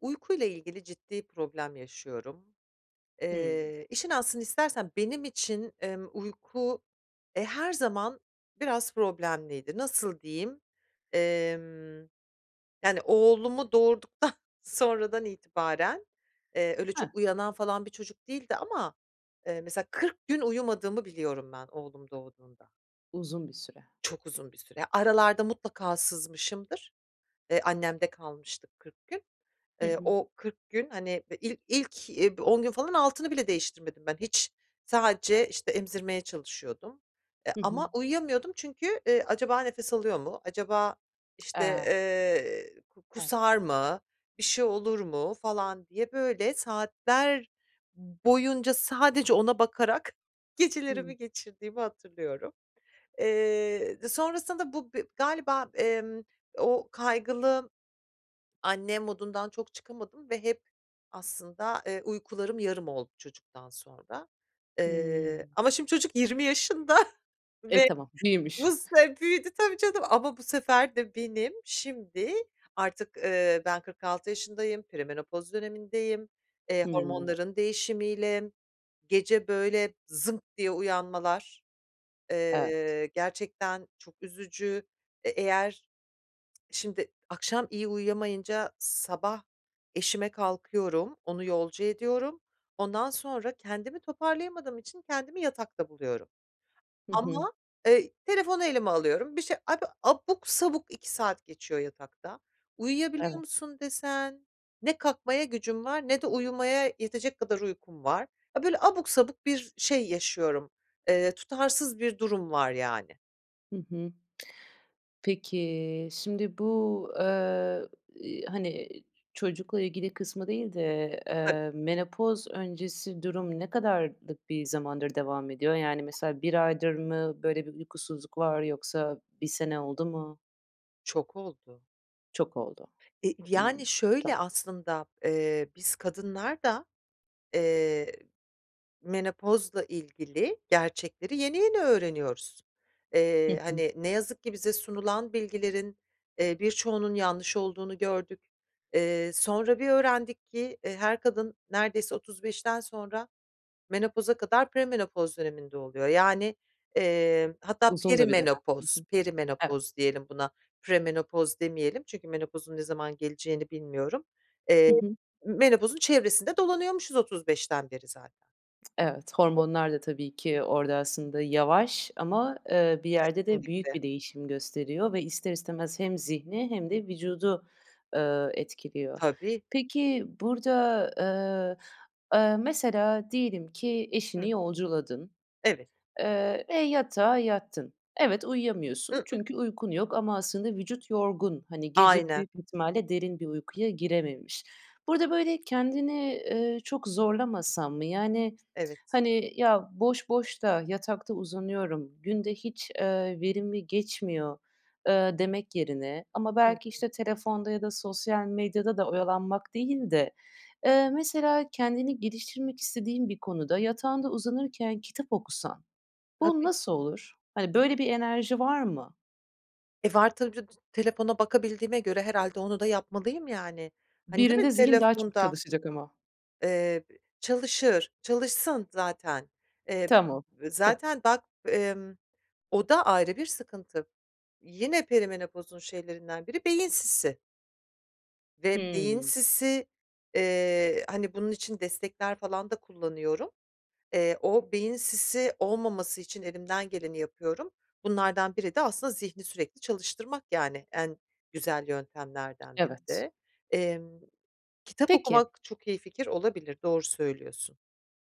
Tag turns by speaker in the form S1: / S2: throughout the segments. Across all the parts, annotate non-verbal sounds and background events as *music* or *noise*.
S1: Uykuyla ilgili ciddi problem yaşıyorum.
S2: Hımm.
S1: Eee, işin aslını istersen benim için, emm, uyku, eee, her zaman biraz problemliydi. Nasıl diyeyim, emm, yani oğlumu doğurduktan sonradan itibaren eee, öyle
S2: Hı.
S1: çok uyanan falan bir çocuk değildi ama, eee, mesela 40 gün uyumadığımı biliyorum ben oğlum doğduğunda.
S2: Uzun bir süre.
S1: Çok uzun bir süre. Aralarda mutlaka sızmışımdır, eee, annemde kalmıştık 40 gün.
S2: Hı
S1: Eee,
S2: hı.
S1: o 40 gün, hani, eee, il ilk, eee, 10 gün falan altını bile değiştirmedim ben hiç, sadece, işte, emzirmeye çalışıyordum. E,
S2: Hı hı.
S1: ama uyuyamıyordum çünkü, eee, "Acaba nefes alıyor mu, acaba, işte,
S2: Ah.
S1: eee, ku
S2: Evet.
S1: kusar mı, bir şey olur mu?" falan diye böyle saatler boyunca sadece ona bakarak
S2: Hımm.
S1: gecelerimi geçirdiğimi hatırlıyorum. Eee, d sonrasında bu b galiba, emm, o "kaygılı anne" modundan çok çıkamadım ve hep aslında, eee, uykularım yarım oldu çocuktan sonra. Eee,
S2: Hımm.
S1: ama şimdi çocuk 20 yaşında
S2: E,
S1: ve
S2: tamam, iyiymiş.
S1: nasılsa e, büyüdü tabii canım ama bu sefer de benim şimdi artık, ııı, ben 46 yaşındayım, perimenopoz dönemindeyim, eee,
S2: Hımm.
S1: hormonların değişimiyle gece böyle zınk diye uyanmalar,
S2: Evet.
S1: eee, gerçekten çok üzücü. E eğer, şimdi, akşam iyi uyuyamayınca sabah eşime kalkıyorum, onu yolcu ediyorum, ondan sonra kendimi toparlayamadığım için kendimi yatakta buluyorum.
S2: Hı hı.
S1: Ama, eee, telefonu elime alıyorum, bir şey, abi abuk sabuk 2 saat geçiyor yatakta. "Uyuyabiliyor
S2: Evet.
S1: musun?" desen ne kalkmaya gücüm var ne de uyumaya yetecek kadar uykum var. A, böyle abuk sabuk bir şey yaşıyorum, eee, tutarsız bir durum var yani.
S2: Hı hı. *tsk* Peki, şimdi bu, ııı, iii, hani, çocukla ilgili kısmı değil de,
S1: Tabii.
S2: eee, menopoz öncesi durum ne kadarlık bir zamandır devam ediyor? Yani, mesela 1 aydır mı böyle bir uykusuzluk var yoksa 1 sene oldu mu?
S1: Çok oldu.
S2: Çok oldu.
S1: E, v
S2: Hımm.
S1: yani,
S2: Tamam.
S1: şöyle aslında: Eee, biz kadınlar da, eee, menopozla ilgili gerçekleri yeni yeni öğreniyoruz.
S2: Hı
S1: Eee,
S2: hı.
S1: hani, ne yazık ki bize sunulan bilgilerin, eee, birçoğunun yanlış olduğunu gördük. Eee, sonra bir öğrendik ki, eee, her kadın neredeyse 35'ten sonra menopoza kadar premenopoz döneminde oluyor. Yani, eee, hatta
S2: Uzun da bir dönem. Hı
S1: perimenopoz
S2: hı. Evet.
S1: perimenopoz diyelim buna, premenopoz demeyelim çünkü menopozun ne zaman geleceğini bilmiyorum. Eee,
S2: Hı hı.
S1: m menopozun çevresinde dolanıyormuşuz 35'ten beri zaten.
S2: *tsk* Evet, hormonlar da tabii ki orada aslında yavaş ama, ııı, bir yerde de büyük
S1: Kesinlikle.
S2: bir değişim gösteriyor ve ister ister istemez hem zihni hem de vücudu, ııı, etkiliyor.
S1: Tabii.
S2: Peki burada, ııı, ııı, mesela diyelim ki
S1: Hıh.
S2: eşini yolculadın,
S1: Evet.
S2: eee, ve yatağa yattın. Evet,
S1: I
S2: uyuyamıyorsun
S1: ıh.
S2: çünkü uykun yok ama aslında vücut yorgun. Hani, gece
S1: Aynen.
S2: büyük ihtimalle derin bir uykuya girememiş. Burada, böyle, kendini, ııı, çok zorlamasan mı? Yani,
S1: Evet.
S2: hani, "Ya boş boş da yatakta uzanıyorum, gün de hiç, ııı, verimli geçmiyor." ııı, demek yerine ama
S1: Hı
S2: belki
S1: hı.
S2: işte telefonda ya da sosyal medyada da oyalanmak değil de, eee, mesela kendini geliştirmek istediğin bir konuda yatağında uzanırken kitap okusan bu
S1: Tabii.
S2: nasıl olur? Hani, böyle bir enerji var mı?
S1: E, var tabii ca *unintelligible* telefona bakabildiğime göre herhâlde onu da yapmalıyım yani. Hani, değil
S2: Birinde
S1: mi
S2: zihin daha çok
S1: telefonda?
S2: çalışacak ama.
S1: Eee, b çalışır, çalışsın zaten. Eee,
S2: Tamam. Hı.
S1: zaten bak, emm, o da ayrı bir sıkıntı. Yine perimenopozun şeylerinden biri beyin sisi. Ve beyin
S2: Hımm.
S1: sisi, eee, hani, bunun için destekler falan da kullanıyorum. Eee, o beyin sisi olmaması için elimden geleni yapıyorum. Bunlardan biri de aslında zihni sürekli çalıştırmak yani, en güzel yöntemlerden biri
S2: Evet.
S1: de. Emm, kitap
S2: Peki.
S1: okumak çok iyi fikir olabilir, doğru söylüyorsun.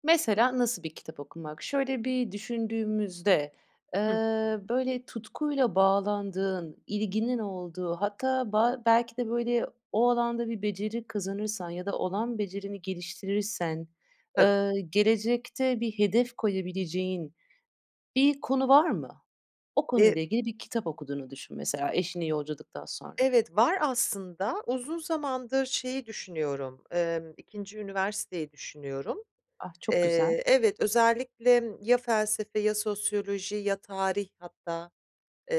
S2: Mesela, nasıl bir kitap okumak? Şöyle bir düşündüğümüzde, eee,
S1: Hı hı.
S2: böyle tutkuyla bağlandığın, ilginin olduğu hatta ba belki de, böyle, o alanda bir beceri kazanırsan ya da olan becerini geliştirirsen,
S1: Tabii.
S2: ııı, gelecekte bir hedef koyabileceğin bir konu var mı? O
S1: E
S2: konuyla ilgili bir kitap okuduğunu düşün mesela, eşini yolculadıktan sonra.
S1: Evet, var aslında, uzun zamandır şeyi düşünüyorum. Emm, 2'nci üniversiteyi düşünüyorum.
S2: Ah, çok güzel.
S1: Eee, evet, özellikle ya felsefe, ya sosyoloji, ya tarih hatta.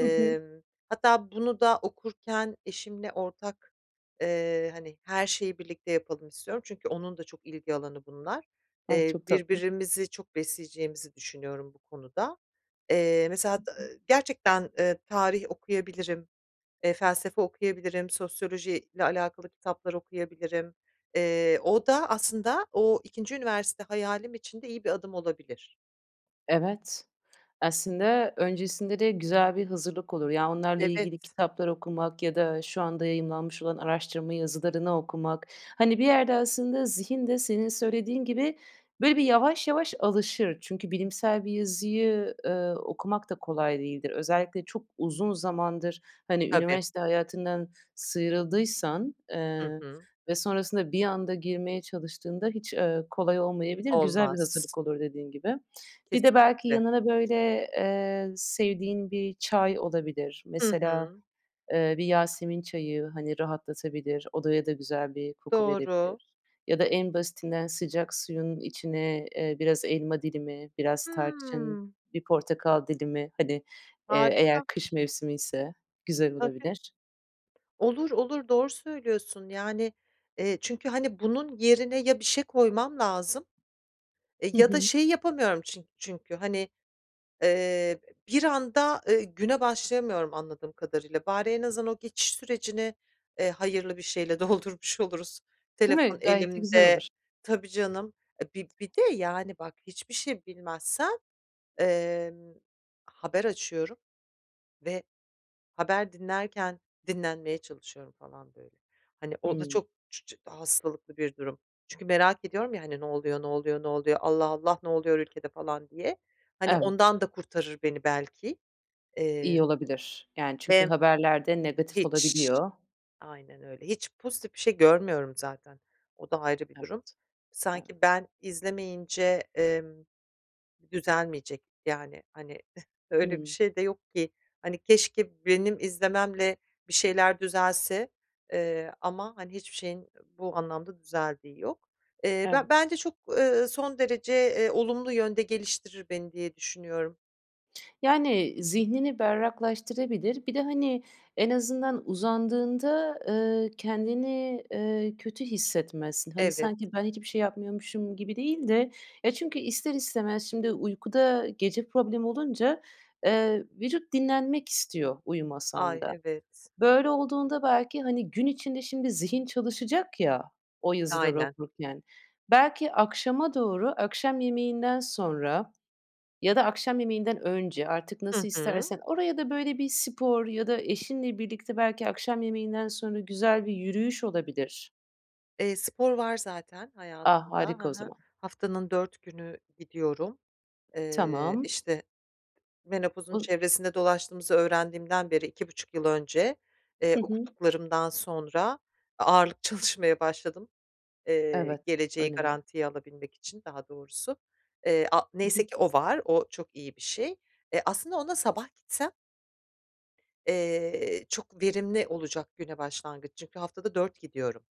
S2: Hı hı.
S1: hatta bunu da okurken eşimle ortak, eee, hani, her şeyi birlikte yapalım istiyorum. Çünkü onun da çok ilgi alanı bunlar.
S2: A,
S1: Eee,
S2: çok tatlı.
S1: birbirimizi çok besleyeceğimizi düşünüyorum bu konuda. Eee, mesela
S2: Hı
S1: hat
S2: hı.
S1: ııı, gerçekten, eee, tarih okuyabilirim, eee, felsefe okuyabilirim, sosyolojiyle alakalı kitaplar okuyabilirim. Eee, o da aslında o 2'nci üniversite hayalim için de iyi bir adım olabilir.
S2: Evet. Aslında öncesinde de güzel bir hazırlık olur. Ya, onlarla
S1: Evet.
S2: ilgili kitaplar okumak ya da şu anda yayımlanmış olan araştırma yazılarını okumak. Hani, bir yerde aslında zihin de senin söylediğin gibi, böyle, bir yavaş yavaş alışır. Çünkü bilimsel bir yazıyı, eee, okumak da kolay değildir. Özellikle çok uzun zamandır, hani,
S1: Tabii.
S2: üniversite hayatından sıyrıldıysan,
S1: Hı
S2: eee,
S1: hı.
S2: ve sonrasında bir anda girmeye çalıştığında hiç, eee, kolay olmayabilir, güzel bir
S1: Olmaz s
S2: hazırlık olur dediğin gibi. Bir de belki
S1: Kesinlikle.
S2: yanına, böyle, eee, sevdiğin bir çay olabilir.
S1: Hı
S2: Mesela,
S1: hı.
S2: eee, bir yasemin çayı, hani, rahatlatabilir, odaya da güzel bir koku
S1: Doğru.
S2: verebilir. Ya da en basitinden sıcak suyun içine, eee, biraz elma dilimi, biraz tarçın,
S1: Hıı.
S2: bir portakal dilimi, hani, eee, eğer
S1: Harika.
S2: kış mevsimiyse güzel
S1: Tabii.
S2: olabilir.
S1: Olur, olur, doğru söylüyorsun yani, eee, çünkü, hani, bunun yerine ya bir şey koymam lazım. E,
S2: Hı
S1: ya da
S2: hı.
S1: şeyi yapamıyorum çin çünkü, hani, eee, b bir anda, ııı, güne başlayamıyorum anladığım kadarıyla. Bari en azından o geçiş sürecini, eee, hayırlı bir şeyle doldurmuş oluruz,
S2: Değil
S1: telefon
S2: mi? Gayet de güzel
S1: elimde
S2: olur.
S1: Tabii, canım. E, bi bir de, yani, bak, hiçbir şey bilmezsem, emm, haber açıyorum ve haber dinlerken dinlenmeye çalışıyorum falan böyle. Hani, o da
S2: Hıı.
S1: çok çu çı hastalıklı bir durum. Çünkü merak ediyorum ya, hani, "Ne oluyor, ne oluyor, ne oluyor? Allah, Allah! Ne oluyor ülkede?" falan diye, hani,
S2: Evet.
S1: ondan da kurtarır beni belki. Eee,
S2: İyi olabilir. Yani çünkü
S1: ve
S2: haberlerde negatif
S1: Hiç,
S2: olabiliyor.
S1: aynen öyle hiç pozitif bir şey görmüyorum zaten; o da ayrı bir
S2: Evet,
S1: durum. Sanki
S2: evet.
S1: ben izlemeyince, emm, düzelmeyecek yani. Hani, *giggles* öyle bir
S2: Hıı.
S1: şey de yok ki, hani, keşke benim izlememle bir şeyler düzelse, eee, ama, hani, hiçbir şeyin bu anlamda düzeldiği yok. Eee, be
S2: Evet.
S1: bence çok, eee, son derece, eee, olumlu yönde geliştirir beni diye düşünüyorum.
S2: Yani, zihnini berraklaştırabilir. Bir de, hani, en azından uzandığında, ııı, kendini, eee, kötü hissetmezsin. Hani,
S1: Evet.
S2: sanki ben hiçbir şey yapmıyormuşum gibi değil de. Ya, çünkü ister istemez şimdi uykuda gece problem olunca, eee, vücut dinlenmek istiyor uyumasan
S1: Ay,
S2: da.
S1: evet.
S2: Böyle olduğunda belki, hani, gün içinde şimdi zihin çalışacak ya o yazıları
S1: Aynen.
S2: okurken. Belki akşama doğru, akşam yemeğinden sonra ya da akşam yemeğinden önce, artık
S1: Hı
S2: nasıl
S1: hı.
S2: istersen, oraya da, böyle, bir spor ya da eşinle birlikte belki akşam yemeğinden sonra güzel bir yürüyüş olabilir.
S1: Eee, spor var zaten
S2: A!
S1: hayatımda,
S2: Harika
S1: ha
S2: o
S1: ha.
S2: zaman.
S1: Haftanın 4 günü gidiyorum. Eee,
S2: Tamam.
S1: işte, menopozun
S2: Oz
S1: çevresinde dolaştığımızı öğrendiğimden beri 2,5 yıl önce, eee,
S2: Hı hı.
S1: okuduklarımdan sonra a ağırlık çalışmaya başladım. Eee,
S2: Evet.
S1: geleceği
S2: Önemli.
S1: garantiye alabilmek için daha doğrusu. Eee, a
S2: Hı hı.
S1: neyse ki o var, o çok iyi bir şey. Eee, aslında ona sabah gitsem eee, çok verimli olacak güne başlangıç. Çünkü haftada 4 gidiyorum.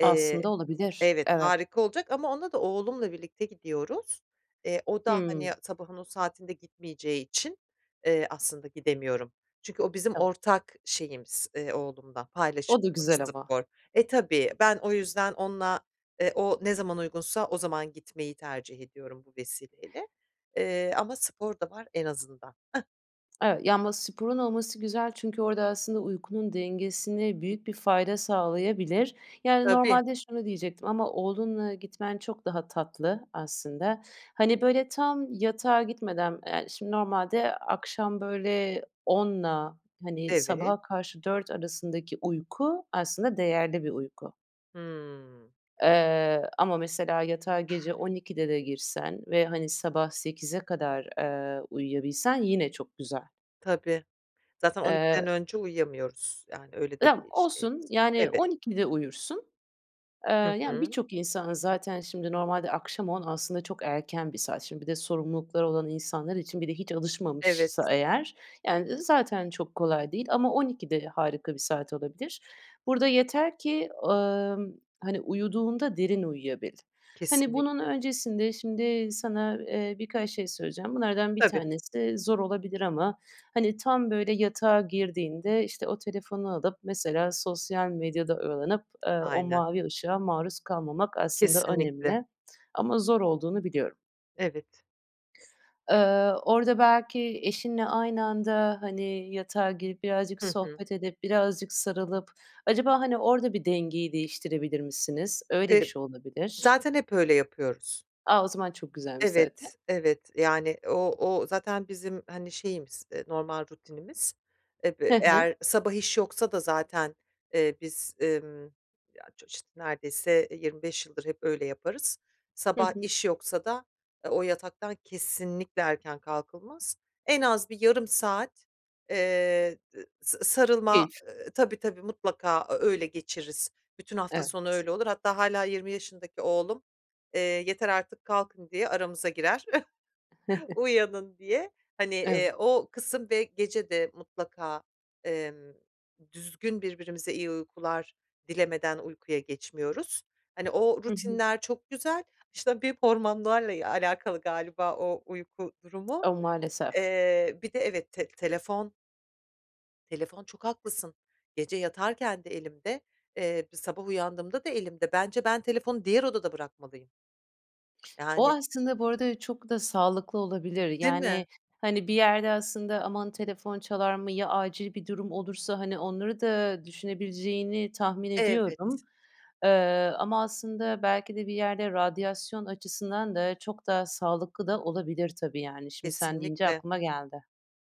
S1: Eee
S2: Aslında olabilir.
S1: Evet,
S2: Evet.
S1: harika olacak ama ona da oğlumla birlikte gidiyoruz. Eee, o da, hani,
S2: Hımm.
S1: sabahın o saatinde gitmeyeceği için, eee, aslında gidemiyorum. Çünkü o bizim
S2: Tam
S1: ortak şeyimiz, eee, oğlumla
S2: O da
S1: paylaşımımız
S2: güzel ama.
S1: spor. E, tabii, ben o yüzden onunla, eee, o ne zaman uygunsa o zaman gitmeyi tercih ediyorum bu vesileyle. Eee, ama spor da var en azından. *chuckles*
S2: Ev ya, ama sporun olması güzel çünkü orada aslında uykunun dengesine büyük bir fayda sağlayabilir. Yani
S1: Tabii.
S2: normalde şunu diyecektim ama oğlunla gitmen çok daha tatlı aslında. Hani, böyle tam yatağa gitmeden, eee, şimdi normalde akşam böyle 10'la hani,
S1: Evet.
S2: sabaha karşı 4 arasındaki uyku aslında değerli bir uyku.
S1: Hımm.
S2: Eee, ama mesela yatağa gece 12'de de girsen ve hani, sabah 8'e kadar, ııı, uyuyabilsen yine çok güzel.
S1: Tabii, zaten on
S2: Eee
S1: ikiden önce uyuyamıyoruz yani, öyle de
S2: *unintelligible*
S1: bir
S2: Olsun,
S1: şeyimiz var,
S2: yani
S1: evet.
S2: 12'de uyursun. Eee,
S1: Hı
S2: yani
S1: hı.
S2: birçok insan zaten şimdi normalde akşam 10 aslında çok erken bir saat, şimdi bir de sorumlulukları olan insanlar için bir de hiç alışmamışsa
S1: Evet.
S2: eğer yani, eee, zaten çok kolay değil ama 12'de harika bir saat olabilir. Burada yeter ki, ımm, hani, uyuduğunda derin uyuyabil. Hani, bunun
S1: Kesinlikle.
S2: öncesinde şimdi sana, eee, birkaç şey söyleyeceğim. Bunlardan 1
S1: Tabii.
S2: tanesi de zor olabilir ama hani, tam böyle yatağa girdiğinde işte, o telefonu alıp mesela sosyal medyada oyalanıp, ııı, o
S1: Aynen.
S2: mavi ışığa maruz kalmamak aslında
S1: Kesinlikle.
S2: önemli ama zor olduğunu biliyorum.
S1: Evet.
S2: Iıı, orada belki eşinle aynı anda, hani, yatağa girip, birazcık
S1: Hı hı.
S2: sohbet edip, birazcık sarılıp acaba, hani, orda bir dengeyi değiştirebilir misiniz? Öyle bir
S1: E
S2: şey olabilir.
S1: zaten hep öyle yapıyoruz.
S2: A! O zaman çok güzelmiş zaten.
S1: Evet, evet. Yani o o zaten bizim, hani, şeyimiz, eee, normal rutinimiz. Eve
S2: He he.
S1: eğer sabah iş yoksa da zaten, eee, biz, emm, ya ço iş neredeyse, eee, 25 yıldır hep öyle yaparız.
S2: Hı
S1: Sabah
S2: hı.
S1: iş yoksa da, ııı, o yataktan kesinlikle erken kalkılmaz. En az bir yarım saat, eee, d sa sarılma,
S2: Keyif.
S1: eee, tabii, tabii, mutlaka ö öyle geçiririz, bütün hafta sonu
S2: Evet.
S1: öyle olur. Hatta hâla 20 yaşındaki oğlum, eee, yeter artık kalkın diye aramıza girer, *chuckles*
S2: *chuckles*
S1: uyanın diye. Hani,
S2: Ev
S1: eee, o kısım ve gece de mutlaka, emm, düzgün birbirimize iyi uykular dilemeden uykuya geçmiyoruz. Hani, o
S2: Hı hı.
S1: rutinler çok güzel, işte, bir hormonlarla, eee, alakalı galiba o uyku durumu.
S2: A! Maalesef.
S1: Eee, bir de, evet, te telefon telefon, çok haklısın. Gece yatarken de elimde, eee, b sabah uyandığımda da elimde. Bence ben telefonu diğer odada bırakmalıyım.
S2: O
S1: Yani
S2: aslında, bu arada çok da sağlıklı olabilir.
S1: Değil
S2: Yani,
S1: mi?
S2: hani, bir yerde aslında aman telefon çalar mı, ya acil bir durum olursa, hani, onları da düşünebileceğini tahmin ediyorum.
S1: Evet.
S2: Iıı, ama aslında belki de bir yerde radyasyon açısından da çok daha sağlıklı da olabilir tabii, yani. Şimdi sen deyince
S1: Kesinlikle.
S2: aklıma geldi.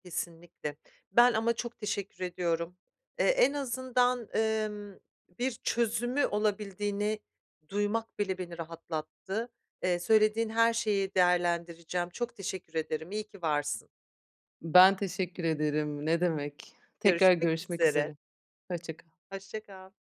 S1: Kesinlikle. Ben ama çok teşekkür ediyorum, eee, en azından, emm, bir çözümü olabildiğini duymak bile beni rahatlattı. Eee, söylediğin her şeyi değerlendireceğim, çok teşekkür ederim, iyi ki varsın.
S2: Ben teşekkür ederim, ne demek. Tekrar
S1: Görüşmek
S2: görüşmek
S1: üzere.
S2: üzere. Hoşça kal.
S1: Hoşça kal.